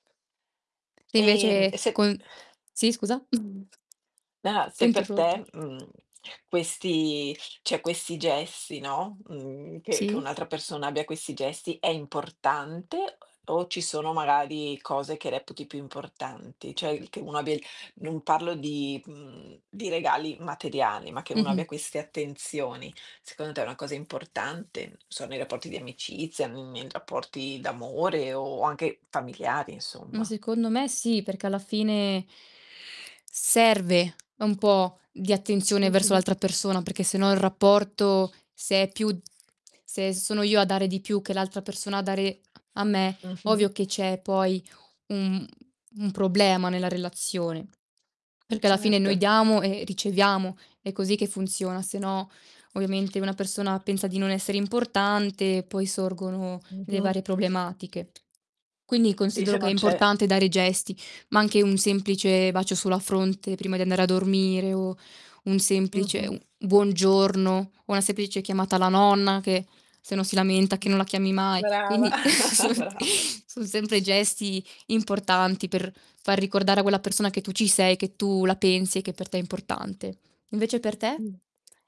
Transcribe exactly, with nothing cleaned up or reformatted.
Se Ehm, invece e se con sì, scusa? Ah, T'ho se per interrotto. te, mhmm, questi ceh questi gesti, no, mhmm che che Sì? un'altra persona abbia questi gesti è importante o o ci sono magari cose che reputi più importanti? ceh che uno abbia non parlo di mhmm, di regali materiali, ma che uno abbia Mh-mh. queste attenzioni secondo te è una cosa importante? Non so, nei rapporti di amicizia, mhmm, nei rapporti d'amore o anche familiari, Ma insomma. secondo me sì, perché alla fine serve un po' di attenzione verso Mh-mh. l'altra persona, perché se no, il rapporto se è più se sono io a dare di più che l'altra persona a dare a me, Mh-mh. ovvio che c'è poi un un problema nella relazione. Perché alla fine noi Certo diamo e riceviamo, è così che funziona, se no, ovviamente, una persona pensa di non essere importante, poi sorgono le Mh-mh. varie problematiche. Quindi Sì, se considero che è non c'è importante dare gesti, ma anche un semplice bacio sulla fronte prima di andare a dormire, o un semplice Mh-mh. un buongiorno o una semplice chiamata alla nonna che se no si lamenta che Mh, non la chiami mai. brava, Quindi son brav son sempre gesti importanti, per far ricordare a quella persona che tu ci sei, che tu la pensi e che per te è importante. Invece per te? Mh.